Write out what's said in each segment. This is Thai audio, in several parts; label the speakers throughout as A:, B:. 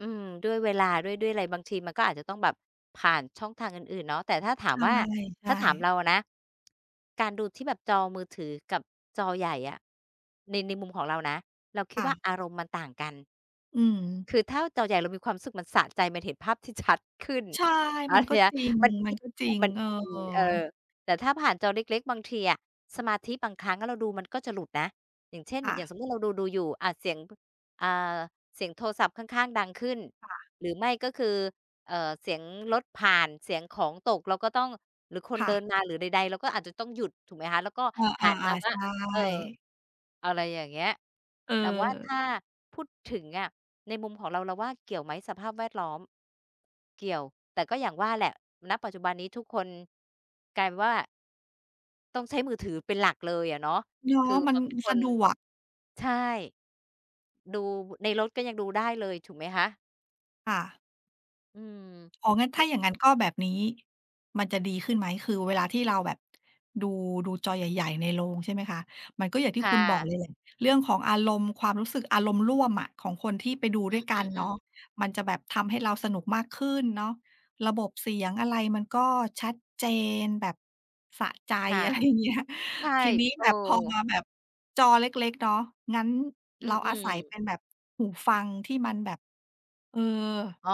A: อืม ด้วยเวลาด้วย ด้วยอะไรบางทีมันก็อาจจะต้องแบบผ่านช่องทางอื่น ๆ เนาะ แต่ถ้าถามว่า
B: ใช
A: ถ้
B: ่
A: าถาม
B: ๆ
A: เราอะนะ การดูที่แบบจอมือถือกับจอใหญ่อะ ใน ในมุมของเรานะ เราค
B: ค
A: ิด
B: ่
A: ว่
B: ะ
A: าอารมณ์มันต่างกัน
B: อืม
A: คือถ้าจอใหญ่เรามีความรู้สึกมันสะใจ มันเห็นภาพที่ชัดขึ้น
B: ใช่
A: แล
B: ม
A: ้
B: ั
A: ว
B: น
A: ที
B: ก็
A: เนี้ย
B: จร
A: มันอินอ
B: ิ
A: ะ
B: ง
A: มัน
B: ๆ เออ
A: อิน เออ แต่ถ้าผ่านจอเล็ก ๆ บางทีอะ สมาธิบางครั้งเราดูมันก็จะหลุดนะ อย่างเช่น
B: ค่
A: อย่
B: ะ
A: างสมมุติเราดู ๆ อยู่ อา เสียง พ เอ่อ เสียงโทรศัพท์ข้าง ๆ ดังขึ้น
B: ค่ะ
A: หรือไม่ก็คือ เอ่อ เสียงรถผ่าน เสียงของตก เราก็ต้อง หรือคน
B: ค่
A: เดิ
B: ะ
A: นมา หรือใด ๆ เรา ก็อาจจะต้องหยุด ถูกไหมคะ แล้วก็
B: อา
A: หันมา
B: ๆ ๆ
A: ว่
B: ใช
A: า
B: ่
A: เอ่อ อะไรอย่างเงี้ย
B: เอ
A: เราว่าถ
B: อ
A: ้าพูดถึงอะในมุมของเรา เราว่าเกี่ยวไหมสภาพแวดล้อม เกี่ยว แต่ก็อย่างว่าแหละ ณ ปัจจุบันนี้ ทุกคนกลายเป็นว่า ต้องใช้มือถือเป็นหลักเลยอะเนาะ
B: เนา
A: ค
B: ะ
A: ือ
B: มัน
A: บางค
B: สะ
A: น
B: ดวก
A: ใช่ ดู ในรถก็ยังดูได้เลย ถูกไหมคะ?
B: ค่ะ
A: อื
B: อ๋อ งั้น
A: ม
B: ถ้าอย่างงั้น ก็แบบนี้มันจะดีขึ้นไหม คือเวลาที่เราแบบ ดู ดูจอใหญ่ ๆ ในโรง ใช่ไหมคะ มันก็อย่างที
A: ค
B: ่
A: ่
B: คุณบอก
A: ะ
B: เลยแหละ เรื่องของอารมณ์ ความรู้สึก อารมณ์ร่วมอะของคนที่ไปดูด
A: อื
B: ้วยกันเนาะ
A: อ ๆ ๆ
B: มันจะแบบทำให้เราสนุกมากขึ้นเนาะ ระบบเสียงอะไรมันก็ชัดเจนแบบสะใจ
A: ค่ะ
B: อะไรอย่างเงี้ย
A: ใช่
B: ทีนี้
A: เอ
B: แบบพอม
A: อ
B: าแบบจอเล็ก ๆ เนาะ งั้น
A: อื
B: เราอา
A: อ
B: ศัยเป
A: ๆ
B: ็นแบบ หูฟังที่มันแบบ เอ่อ
A: อ๋อ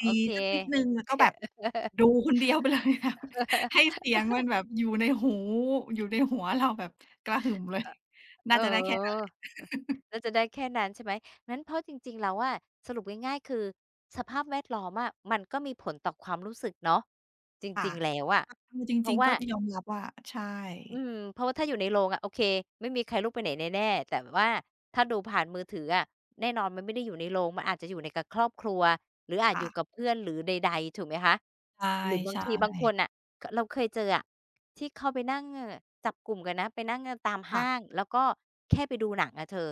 B: ด
A: โ
B: ี
A: อเค
B: ๆ สักนิดหนึ่ง แล้วก็แบบดูคนเดียว ไปเลยค่ะ ให้เสียงมันแบบอยู่ในหู อยู่ในหัวเราแบบกระหึ่มเลย
A: อ
B: น
A: เ
B: ่า
A: ออ
B: จะได้แค่นั้นแหละ
A: อ แล้วจะได้แค่นั้น ใช่ไหม งั้นเพราะจริง ๆ แล้วอะ สรุปง่าย ๆ คือสภาพแวดล้อมอะมันก็มีผลต่อความรู้สึกเนาะจ
B: ค่ะ
A: ริง ๆ แล้วอะ
B: ก็คือจ
A: เพรา
B: ริ
A: ะ
B: ง
A: ว
B: ๆ
A: ่
B: ก
A: า
B: ็ จะยอมรับว่า ใช่
A: อืม เพราะว่าถ้าอยู่ในโรงอะ โอเค ไม่มีใครลุกไปไหนแน่ ๆ แต่ว่าถ้าดูผ่านมือถืออะ แน่นอนมันไม่ได้อยู่ในโรง มันอาจจะอยู่ใน กับครอบครัว หรืออา
B: ค
A: จ
B: ่
A: อยู่
B: ะ
A: กับเพื่อน หรือใด ๆ ถูกไหมคะ หรือบ
B: ใ
A: า
B: ช
A: ง
B: ่
A: ทีบางค
B: ๆ
A: นอะ ก เราเคยเจออะ ที่เข้าไปนั่งจับกลุ่มกันนะ ไปนั่งกันตาม
B: ค
A: ห
B: ่ะ
A: ้างแล้วก็ แค่ไปดูหนังอะเธอ